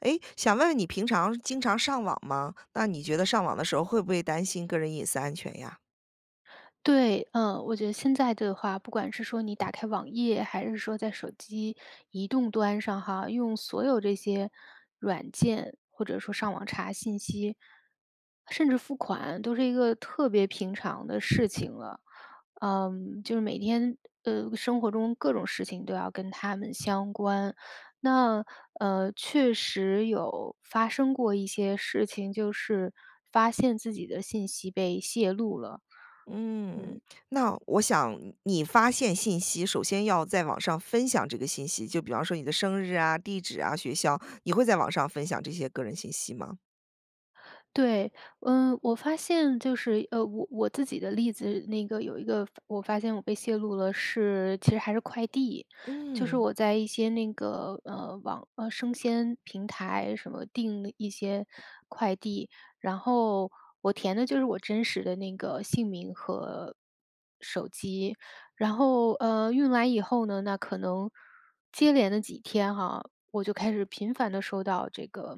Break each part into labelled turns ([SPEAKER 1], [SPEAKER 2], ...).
[SPEAKER 1] 哎，想问问你平常经常上网吗？那你觉得上网的时候会不会担心个人隐私安全呀？
[SPEAKER 2] 对，呃，我觉得现在的话，不管是说你打开网页，还是说在手机移动端上哈，用所有这些软件，或者说上网查信息，甚至付款都是一个特别平常的事情了，呃，就是每天呃，生活中各种事情都要跟它们相关，那，呃，确实有发生过一些事情，就是发现自己的信息被泄露了，
[SPEAKER 1] 嗯，
[SPEAKER 2] 嗯。
[SPEAKER 1] 那我想你发现信息，首先要在网上分享这个信息，就比方说你的生日啊、地址啊、学校，你会在网上分享这些个人信息吗？
[SPEAKER 2] 对，呃，我发现就是，呃，我我自己的例子，那个有一个发我发现我被泄露了是其实还是快递，就是
[SPEAKER 1] 嗯。
[SPEAKER 2] 我在一些那个，呃，网呃，生鲜平台什么定一些快递，然后我填的就是我真实的那个姓名和手机。然后，呃，运来以后呢，那可能接连的几天哈，我就开始频繁地收到这个，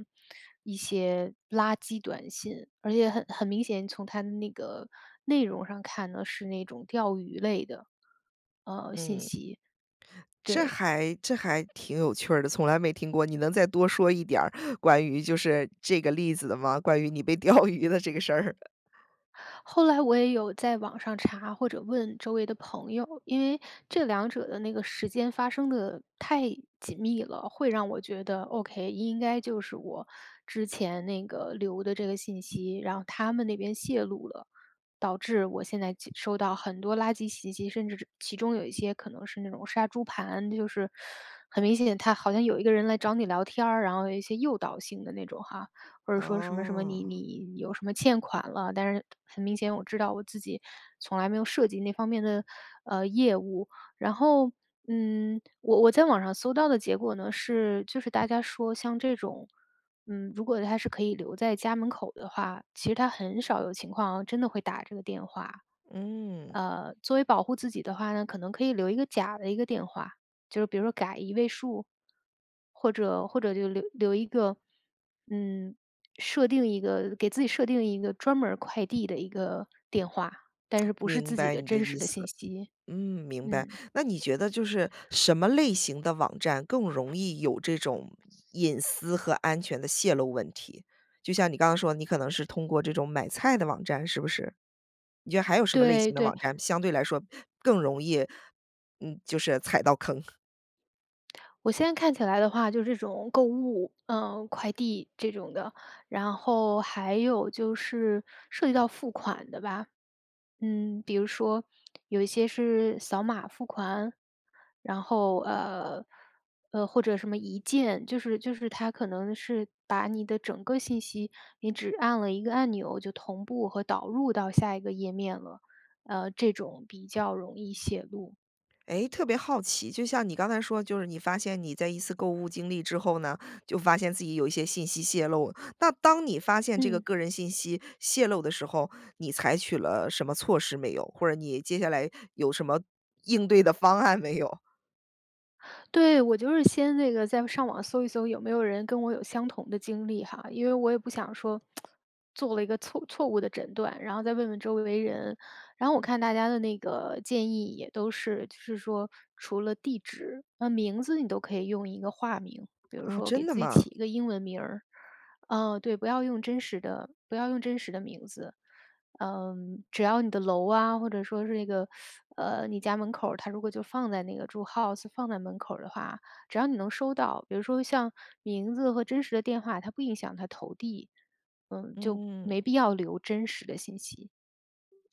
[SPEAKER 2] 一些垃圾短信，而且很很明显，从它的那个内容上看呢，是那种钓鱼类的。呃，信
[SPEAKER 1] 嗯。
[SPEAKER 2] 息。
[SPEAKER 1] 这
[SPEAKER 2] 对。
[SPEAKER 1] 还这还挺有趣儿的，从来没听过，你能再多说一点儿关于就是这个例子的吗？关于你被钓鱼的这个事儿？
[SPEAKER 2] 后来我也有在网上查或者问周围的朋友，因为这两者的那个时间发生得太紧密了，会让我觉得，OK，应该就是我之前那个，留的这个信息，然后他们那边泄露了，导致我现在就收到很多垃圾袭击，甚至是其中有一些可能是那种杀猪盘，就是，很明显，他好像有一个人来找你聊天儿，然后有一些诱导性的那种哈。或者说什么什么，你
[SPEAKER 1] 哦。
[SPEAKER 2] 你有什么欠款了，但是很明显我知道我自己从来没有涉及那方面的，呃，业务。然后，嗯，我我在网上搜到的结果呢是就是大家说像这种，嗯，如果它是可以留在家门口的话，其实他很少有情况真的会打这个电话，
[SPEAKER 1] 嗯。
[SPEAKER 2] 呃，作为保护自己的话呢，可能可以留一个假的一个电话，就是比如说改一位数。或者或者就留留一个，嗯，设定一个给自己设定一个专门儿快递的一个电话，但 是不是
[SPEAKER 1] 明
[SPEAKER 2] 自己
[SPEAKER 1] 白
[SPEAKER 2] 的
[SPEAKER 1] 你的
[SPEAKER 2] 真实
[SPEAKER 1] 意
[SPEAKER 2] 的信
[SPEAKER 1] 思，
[SPEAKER 2] 息，
[SPEAKER 1] 嗯，明白，
[SPEAKER 2] 嗯。
[SPEAKER 1] 那你觉得就是什么类型的网站更容易有这种隐私和安全的泄露问题？就像你刚刚说的，你可能是通过这种买菜的网站，是不是？你觉得还有什么类
[SPEAKER 2] 对，
[SPEAKER 1] 型的
[SPEAKER 2] 对。
[SPEAKER 1] 网站相对来说更容易，嗯，就是踩到坑？
[SPEAKER 2] 我现在看起来的话，就是这种购物，呃，快递这种的，然后还有就是涉及到付款的吧。嗯，比如说有一些是扫码付款，然后，呃呃或者什么一键就是就是它可能是把你的整个信息，你只按了一个按钮就同步和导入到下一个页面了，呃，这种比较容易泄露。
[SPEAKER 1] 诶，特别好奇，就像你刚才说的就是你发现你在一次购物经历之后呢，就发现自己有一些信息泄露。那当你发现这个
[SPEAKER 2] 嗯。
[SPEAKER 1] 个人信息泄露的时候，你采取了什么措施没有？或者你接下来有什么应对的方案没有？
[SPEAKER 2] 对，我就是先那个在上网搜一搜有没有人跟我有相同的经历哈。因为我也不想说 做了一个错错误的诊断，然后再问问周围人，然后我看大家的那个建议也都是，就是说除了地址，那名字你都可以用一个化名。比如
[SPEAKER 1] 啊
[SPEAKER 2] 说给
[SPEAKER 1] 真的
[SPEAKER 2] 自己
[SPEAKER 1] 吗？
[SPEAKER 2] 起一个英文名儿，呃对，不要用真实的不要用真实的名字。嗯，只要你的楼啊，或者说是那个，呃，你家门口儿它如果就放在那个住 house 放在门口儿的话，只要你能收到。比如说像名字和真实的电话，它不影响它投递，嗯，就
[SPEAKER 1] 嗯。
[SPEAKER 2] 没必要留真实的信息。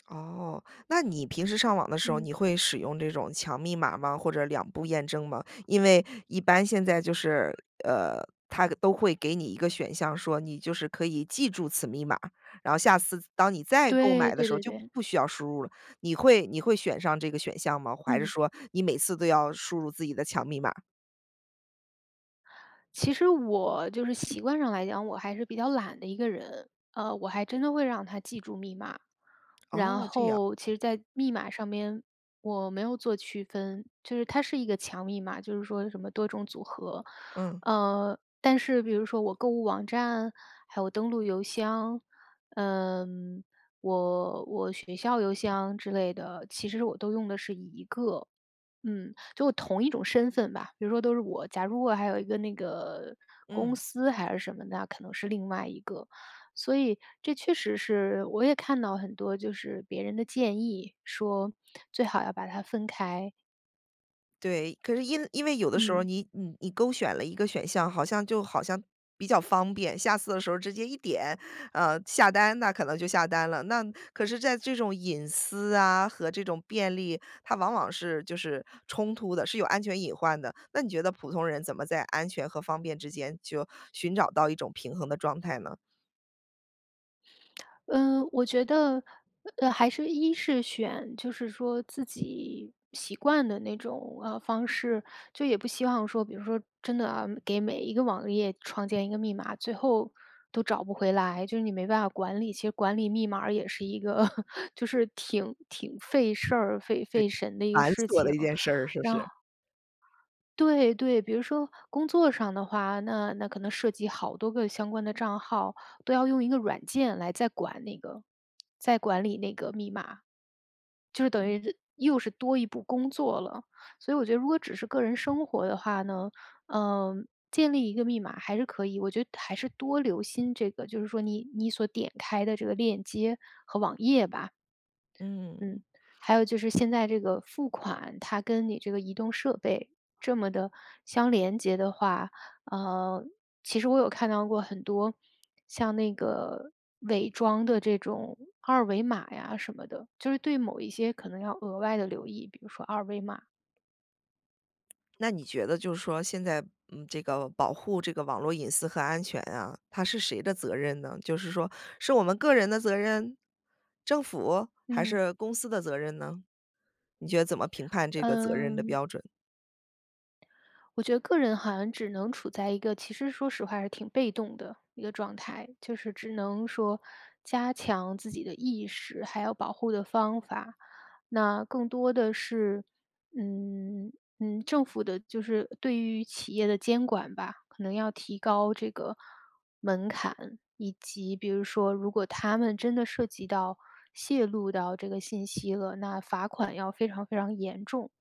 [SPEAKER 1] 哦，那你平时上网的时候
[SPEAKER 2] 嗯。
[SPEAKER 1] 你会使用这种强密码吗？或者2步验证吗？因为一般现在就是呃，它都会给你一个选项说，你就是可以记住此密码，然后下次当你再购
[SPEAKER 2] 对，
[SPEAKER 1] 买的
[SPEAKER 2] 对
[SPEAKER 1] 时候
[SPEAKER 2] 对
[SPEAKER 1] 就不
[SPEAKER 2] 对。
[SPEAKER 1] 不需要输入了。你会你会选上这个选项吗，还是
[SPEAKER 2] 嗯。
[SPEAKER 1] 说你每次都要输入自己的强密码？
[SPEAKER 2] 其实我就是习惯上来讲，我还是比较懒的一个人，呃，我还真的会让它记住密码。
[SPEAKER 1] 哦，
[SPEAKER 2] 然
[SPEAKER 1] 这样。
[SPEAKER 2] 后其实在密码上面，我没有做区分。就是它是一个强密码，就是说什么多种组合。
[SPEAKER 1] 嗯。
[SPEAKER 2] 呃，但是比如说我购物网站，还有登陆邮箱，呃，我我学校邮箱之类的，其实我都用的是一个，嗯，就同一种身份吧。比如说都是我假如我还有一个那个公
[SPEAKER 1] 嗯。
[SPEAKER 2] 司还是什么的，那可能是另外一个。所以这确实是我也看到很多就是别人的建议，说最好要把它分开。
[SPEAKER 1] 对，可是因因为有的时候
[SPEAKER 2] 嗯。
[SPEAKER 1] 你你你勾选了一个选项，好像就好像比较方便，下次的时候直接一点，呃，下单，那可能就下单了。那可是在这种隐私啊和这种便利，它往往是就是冲突的、是有安全隐患的。那你觉得普通人怎么在安全和方便之间就寻找到一种平衡的状态呢？
[SPEAKER 2] 呃，我觉得，呃，还是一是选就是说自己习惯的那种，啊，方式。就也不希望说，比如说真的啊，给每一个网页创建一个密码，最后都找不回来，就是你没办法管理。其实管理密码也是一个 就是挺挺费事儿、费
[SPEAKER 1] 对，
[SPEAKER 2] 费神的一个
[SPEAKER 1] 繁
[SPEAKER 2] 事
[SPEAKER 1] 琐的
[SPEAKER 2] 情。
[SPEAKER 1] 一件事儿，是不
[SPEAKER 2] 然后
[SPEAKER 1] 是？
[SPEAKER 2] 对，对，比如说工作上的话，那那可能涉及好多个相关的账号，都要用一个软件来再管那个再管理那个密码，就是等
[SPEAKER 1] 嗯。
[SPEAKER 2] 于这又是多一步工作了。所以我觉得如果只是个人生活的话呢，呃，建立一个密码还是可以。我觉得还是多留心这个，就是说你你所点开的这个链接和网页吧。嗯。
[SPEAKER 1] 嗯。
[SPEAKER 2] 还有就是现在这个付款，它跟你这个移动设备这么地相连结的话呃，其实我有看到过很多像那个伪装的这种二维码呀什么的，就是对某一些可能要额外地留意，比如说二维码。
[SPEAKER 1] 那你觉得就是说现在，嗯，这个保护这个网络隐私和安全啊，它是谁的责任呢？就是说是我们个人的责任、政府还
[SPEAKER 2] 嗯。
[SPEAKER 1] 是公司的责任呢？你觉得怎么评判这个责任的
[SPEAKER 2] 嗯。
[SPEAKER 1] 标准？
[SPEAKER 2] 我觉得个人好像只能处在一个其实说实话还是挺被动的一个状态。就是只能说加强自己的意识，还要保护的方法。那更多的是，嗯，嗯，政府的就是对于企业的监管吧。可能要提高这个门槛，以及比如说如果它们真的涉及到泄露到这个信息了，那罚款要非常非常严重。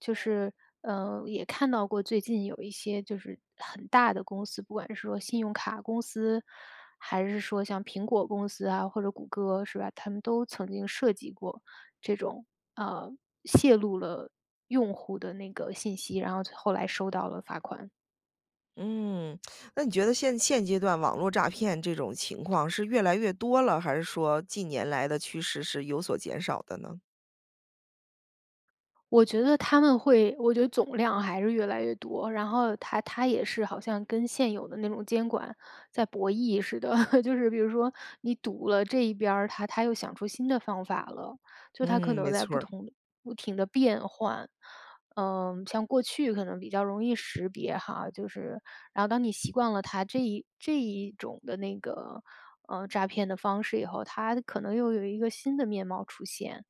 [SPEAKER 2] 就是，呃，也看到过最近有一些就是很大的公司，不管是说信用卡公司，还是说像苹果公司啊，或者谷歌是吧，它们都曾经涉及过这种，呃，泄露了用户的那个信息，然后后来收到了罚款。
[SPEAKER 1] 嗯，那你觉得现现阶段网络诈骗这种情况是越来越多了，还是说近年来的趋势是有所减少的呢？
[SPEAKER 2] 我觉得他们会我觉得总量还是越来越多，然后它它也是好像跟现有的那种监管在博弈似的，就是比如说你堵了这一边儿，它它又想出新的方法了。就它可
[SPEAKER 1] 嗯，
[SPEAKER 2] 能
[SPEAKER 1] 没
[SPEAKER 2] 在
[SPEAKER 1] 错
[SPEAKER 2] 不
[SPEAKER 1] 儿。
[SPEAKER 2] 同不停地变换，呃，像过去可能比较容易识别哈，就是然后当你习惯了它这一这一种的那个，呃，诈骗的方式以后，它的可能又有一个新的面貌出现，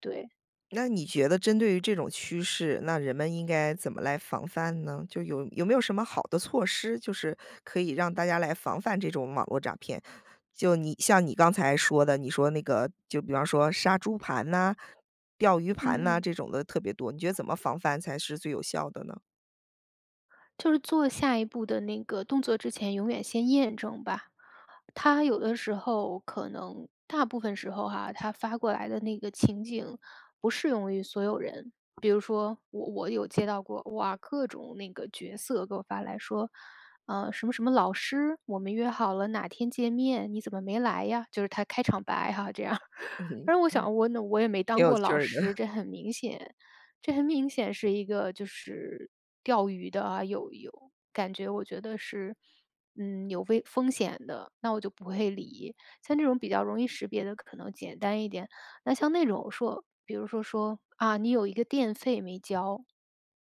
[SPEAKER 2] 对。
[SPEAKER 1] 那你觉得针对于这种趋势，那人们应该怎么来防范呢？就有有没有什么好的措施，就是可以让大家来防范这种网络诈骗。就你像你刚才说的，你说那个就比方说杀猪盘呐、钓鱼盘
[SPEAKER 2] 嗯
[SPEAKER 1] 呐，
[SPEAKER 2] 嗯。
[SPEAKER 1] 这种的特别多，你觉得怎么防范才是最有效的呢？
[SPEAKER 2] 就是做下一步的那个动作之前，永远先验证吧。他有的时候可能大部分时候哈，他发过来的那个情景不适用于所有人。比如说我我有接到过，哇，各种那个角色给我发来说：“呃，什么什么老师，我们约好了哪天见面，你怎么没来呀？”就是他开场白哈这样儿。
[SPEAKER 1] 挺
[SPEAKER 2] 然后我想我那我也没当
[SPEAKER 1] 有
[SPEAKER 2] 过
[SPEAKER 1] 趣
[SPEAKER 2] 老
[SPEAKER 1] 儿
[SPEAKER 2] 师，
[SPEAKER 1] 的。
[SPEAKER 2] 这很明显这很明显是一个就是钓鱼的啊，有有感觉我觉得是，嗯，有危风险的，那我就不会理。像这种比较容易识别的可能简单一点，那像那种说比如说，说：“啊，你有一个电费没交。”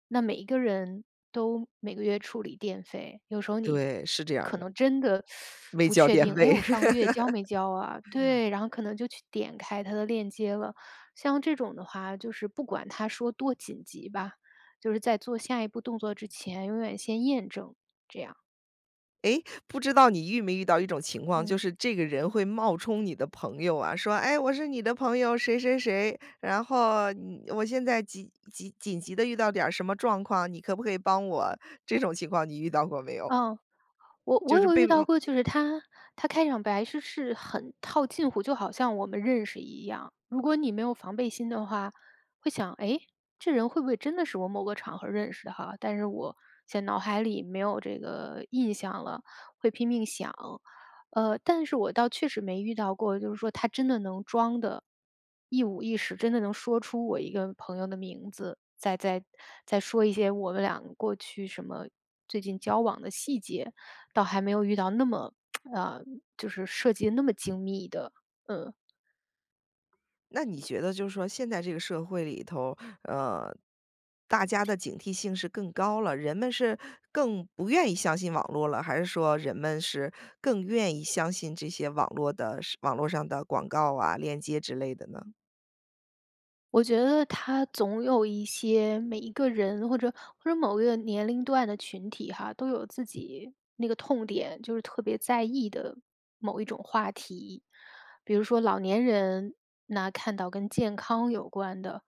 [SPEAKER 2] 那每一个人都每个月处理电费，有时候你就
[SPEAKER 1] 对，是这样
[SPEAKER 2] 可
[SPEAKER 1] 的。
[SPEAKER 2] 能真的
[SPEAKER 1] 没
[SPEAKER 2] 不
[SPEAKER 1] 交
[SPEAKER 2] 确
[SPEAKER 1] 电
[SPEAKER 2] 定：“哎，
[SPEAKER 1] 费。
[SPEAKER 2] 我上个月交没 交啊？”对，然后可能就去点开他的链接了。像这种的话，就是不管他说多紧急吧，就是在做下一步动作之前，永远先验证，这样。
[SPEAKER 1] 诶，不知道你遇没遇到一种情况，就
[SPEAKER 2] 嗯。
[SPEAKER 1] 是这个人会冒充你的朋友啊，说：“诶，我是你的朋友谁谁谁，然后，嗯，我现在急急紧急地遇到点儿什么状况，你可不可以帮我？”这种情况你遇到过没有？
[SPEAKER 2] 嗯，我
[SPEAKER 1] 就
[SPEAKER 2] 我
[SPEAKER 1] 是
[SPEAKER 2] 有
[SPEAKER 1] 被
[SPEAKER 2] 遇到
[SPEAKER 1] 嗯。
[SPEAKER 2] 过就是他他开场白是是很套近乎，就好像我们认识一样。如果你没有防备心的话，会想：“诶？这人会不会真的是我某个场合认识哈？但是我现脑海里没有这个印象了。”会拼命想。呃，但是我倒确实没遇到过，就是说他真的能装得一五一十真的能说出我一个朋友的名字，再再再说一些我们俩过去什么最近交往的细节，倒还没有遇到那么 呃，就是设计得那么精密的，嗯。
[SPEAKER 1] 那你觉得就是说，现在这个社会里头，呃，大家的警惕性是更高了，人们是更不愿意相信网络了，还是说人们是更愿意相信这些网络的是网络上的广告啊、链接之类的呢？
[SPEAKER 2] 我觉得它总有一些每一个人或者或者某一个年龄段的群体哈，都有自己那个痛点，就是特别在意的某一种话题。比如说老年人，那看到跟健康有关的，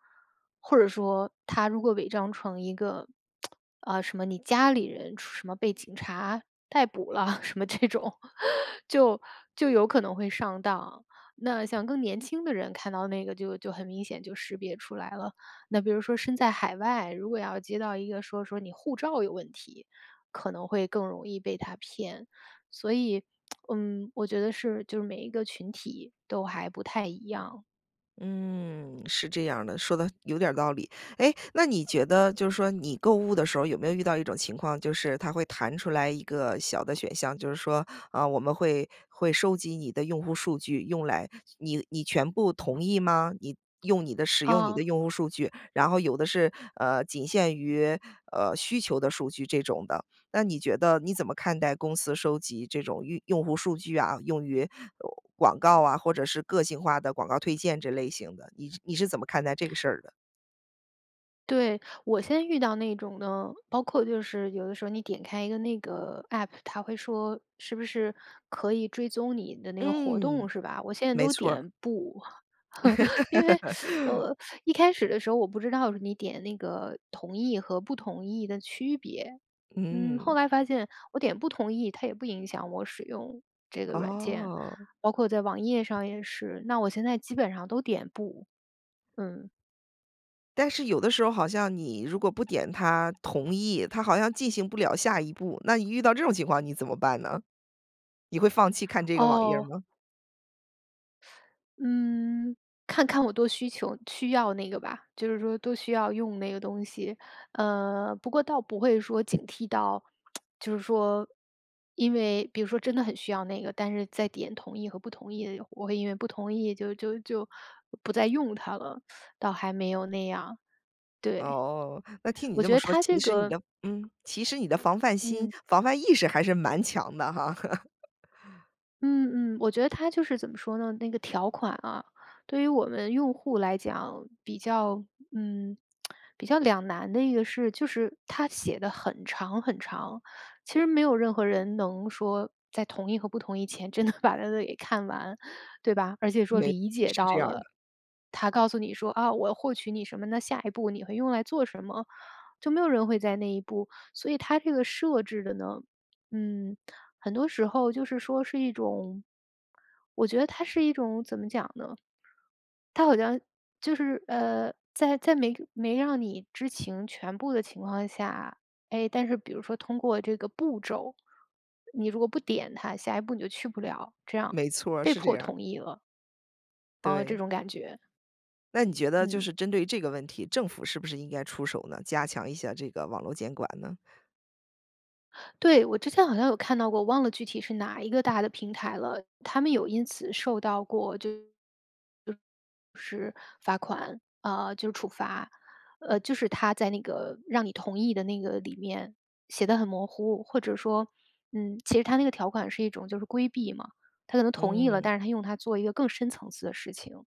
[SPEAKER 2] 或者说它如果伪装成一个，呃，什么你家里人出出什么被警察逮捕了什么这种，就就有可能会上当。那像更年轻的人，看到那个就就很明显就识别出来了。那比如说身在海外，如果要接到一个说，说你护照有问题，可能会更容易被它骗。所以，嗯，我觉得是就是每一个群体都还不太一样。
[SPEAKER 1] 嗯，是这样儿的，说得有点儿道理。诶，那你觉得就是说你购物的时候，有没有遇到一种情况，就是它会弹出来一个小的选项，就是说；“啊，我们会会收集你的用户数据，用来你你全部同意吗？你用你的使用你的
[SPEAKER 2] 哦。
[SPEAKER 1] 用户数据。”然后有的是，呃，“仅限于，呃，需求的数据”，这种的。那你觉得你怎么看待公司收集这种用用户数据啊，用于，呃，广告啊，或者是个性化的广告推荐这类型的，你是你是怎么看待这个事儿的？
[SPEAKER 2] 对，我现在遇到那种呢，包括就是有的时候你点开一个那个 APP，它会说是不是可以追踪你的那个活
[SPEAKER 1] 嗯，
[SPEAKER 2] 动，是吧？我现在
[SPEAKER 1] 没
[SPEAKER 2] 都
[SPEAKER 1] 错儿。
[SPEAKER 2] 点“不”，因为，呃，一开始的时候，我不知道是你点那个“同意”和“不同意”的区别。嗯，后
[SPEAKER 1] 嗯。
[SPEAKER 2] 来发现我点“不同意”，它也不影响我使用这个软件，
[SPEAKER 1] 哦。
[SPEAKER 2] 包括在网页上也是。那我现在基本上都点“不”，嗯。
[SPEAKER 1] 但是有的时候好像你如果不点它“同意”，它好像进行不了下一步。那你遇到这种情况，你怎么办呢？你会放弃看这个网页
[SPEAKER 2] 哦。
[SPEAKER 1] 吗？
[SPEAKER 2] 嗯，看看我多需求需要那个吧，就是说多需要用那个东西。呃，不过倒不会说警惕到，就是说，因为比如说真的很需要那个，但是在点“同意”和“不同意”的我会因为不同意，就就就不再用它了，倒还没有那样。对，
[SPEAKER 1] 哦，那听你
[SPEAKER 2] 我
[SPEAKER 1] 这
[SPEAKER 2] 觉
[SPEAKER 1] 么
[SPEAKER 2] 得
[SPEAKER 1] 说，
[SPEAKER 2] 它这
[SPEAKER 1] 其实你
[SPEAKER 2] 个
[SPEAKER 1] 的嗯，其实你的防范心、
[SPEAKER 2] 嗯。
[SPEAKER 1] 防范意识还是蛮强的哈。
[SPEAKER 2] 嗯嗯，我觉得它就是怎么说呢，那个条款啊，对于我们用户来讲，比较，嗯，比较两难的一个是，就是，它写得很长很长。其实没有任何人能说在同意和不同意前真的把那个给看完，对吧？而且说
[SPEAKER 1] 没错
[SPEAKER 2] 理解
[SPEAKER 1] 是这
[SPEAKER 2] 到
[SPEAKER 1] 样儿的。
[SPEAKER 2] 了，它告诉你说：“啊，我要获取你什么，那下一步你会用来做什么。”就没有人会在意那一步。所以它这个设置的呢，嗯，很多时候就是说是一种，我觉得它是一种怎么讲呢？它好像就是，呃，在在没没让你知情全部的情况下，诶，但是比如说通过这个步骤，你如果不点它，下一步你就去不了，这样，
[SPEAKER 1] 没错，
[SPEAKER 2] 被
[SPEAKER 1] 是这
[SPEAKER 2] 迫
[SPEAKER 1] 样儿。
[SPEAKER 2] 同意了。哦，这
[SPEAKER 1] 对。
[SPEAKER 2] 种感觉。
[SPEAKER 1] 那你觉得就
[SPEAKER 2] 嗯。
[SPEAKER 1] 是针对这个问题，政府是不是应该出手呢？加强一下这个网络监管呢？
[SPEAKER 2] 对，我之前好像有看到过，我忘了具体是哪一个大的平台了。它们有因此受到过就是，是罚款，呃，就是处罚，呃，就是它在那个，让你同意的那个里面，写得很模糊。或者说，嗯，其实它那个条款是一种就是规避嘛，它可能同意了，
[SPEAKER 1] 嗯。
[SPEAKER 2] 但是它用它做一个更深层次的事情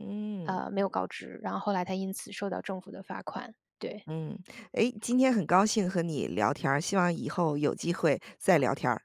[SPEAKER 1] 嗯
[SPEAKER 2] 呃，没有
[SPEAKER 1] 嗯。
[SPEAKER 2] 告知，然后后来它因此受到政府的罚款，对。
[SPEAKER 1] 嗯，诶，今天很高兴和你聊天儿，希望以后有机会再聊天儿。